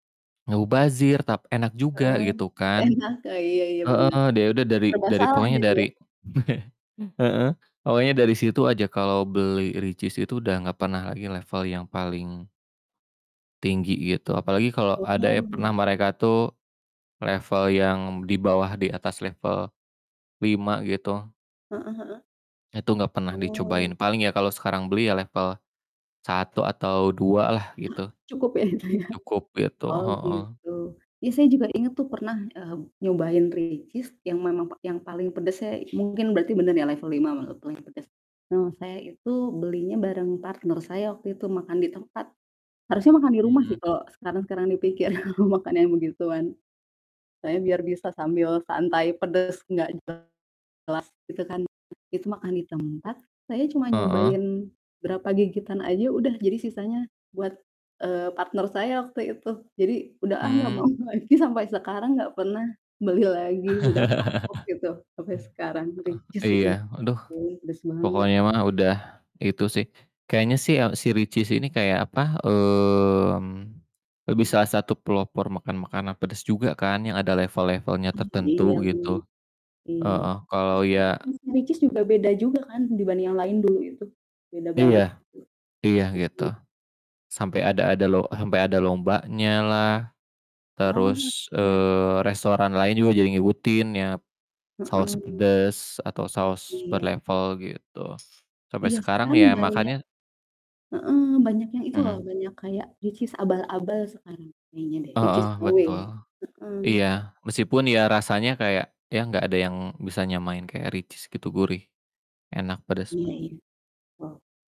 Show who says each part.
Speaker 1: Mubazir tapi enak juga
Speaker 2: Eee,
Speaker 1: gitu kan.
Speaker 2: enak, Kak, iya iya bener.
Speaker 1: Heeh, deh ya udah dari
Speaker 2: Serba
Speaker 1: dari
Speaker 2: salah
Speaker 1: pokonya
Speaker 2: jadi ya.
Speaker 1: dari heeh pokoknya dari situ aja kalau beli Richeese itu udah gak pernah lagi level yang paling tinggi gitu, apalagi kalau ada ya pernah
Speaker 2: Mmm.
Speaker 1: mereka tuh, level yang di bawah di atas level 5 gitu
Speaker 2: Heeh heeh.
Speaker 1: itu gak pernah dicobain,
Speaker 2: Oh.
Speaker 1: paling ya kalau sekarang beli ya level 1 atau 2 lah gitu,
Speaker 2: Cukup ya itu ya?
Speaker 1: cukup gitu,
Speaker 2: Oh
Speaker 1: heeh.
Speaker 2: gitu, ya saya juga inget tuh pernah, mmm, nyobain Richeese yang memang pa yang paling pedasnya, mungkin berarti bener ya level 5 mala paling pedes. Mmm, saya itu belinya bareng partner saya waktu itu makan di tempat. Harusnya makan di rumah sih
Speaker 1: Mhm.
Speaker 2: kalo sekarang-sekarang dipikir makan yang begituan. Saya biar bisa sambil santai pedes gak jelas gitu kan, it itu makan ditempat, saya cuma
Speaker 1: Heeh.
Speaker 2: nyobain berapa gigitan aja udah, jadi sisanya buat, eee, partner saya waktu itu, jadi udah ah nggak
Speaker 1: Mmm.
Speaker 2: mau lagi sampai sekarang nggak pernah beli lagi udah kapok gitu, sampai sekarang Richeese
Speaker 1: Heeh,
Speaker 2: itu
Speaker 1: iya
Speaker 2: loh.
Speaker 1: aduh.
Speaker 2: Wuih, pedes banget.
Speaker 1: Pokoknya mah udah itu sih, kayaknya sih ya, si Richeese ini kayak apa, mmm, lebih salah satu pelopor makan makanan pedas juga kan, yang ada level-levelnya
Speaker 2: Mmm, iya
Speaker 1: tertentu
Speaker 2: bener.
Speaker 1: gitu,
Speaker 2: Mmm.
Speaker 1: heeh.
Speaker 2: Terus
Speaker 1: Kalo
Speaker 2: juga
Speaker 1: ya
Speaker 2: m Richeese juga beda juga kan dibanding yang lain dulu itu, beda
Speaker 1: Iya.
Speaker 2: banget itu,
Speaker 1: Iya gitu.
Speaker 2: mmm.
Speaker 1: Sampe ada ada lo sampe ada lombanya lah,
Speaker 2: Oh
Speaker 1: terus,
Speaker 2: ya.
Speaker 1: eee, restoran lain juga jadi ngikutin ya, saus
Speaker 2: Heeh.
Speaker 1: pedas atau saus per
Speaker 2: Iya.
Speaker 1: level gitu. Sampe
Speaker 2: Iya,
Speaker 1: sekarang
Speaker 2: sekarang
Speaker 1: ya
Speaker 2: banyak
Speaker 1: makannya
Speaker 2: heeh, banyak yang itu loh
Speaker 1: Mmm.
Speaker 2: banyak kayak Richeese abal-abal sekarang kayaknya deh,
Speaker 1: Heeh,
Speaker 2: Richeese KW,
Speaker 1: betul.
Speaker 2: heeh.
Speaker 1: Iya meskipun ya rasanya kayak, ya nggak ada yang bisa nyamain kaya Richeese gitu gurih, enak pedes
Speaker 2: Iya
Speaker 1: manis.
Speaker 2: ya. Oh.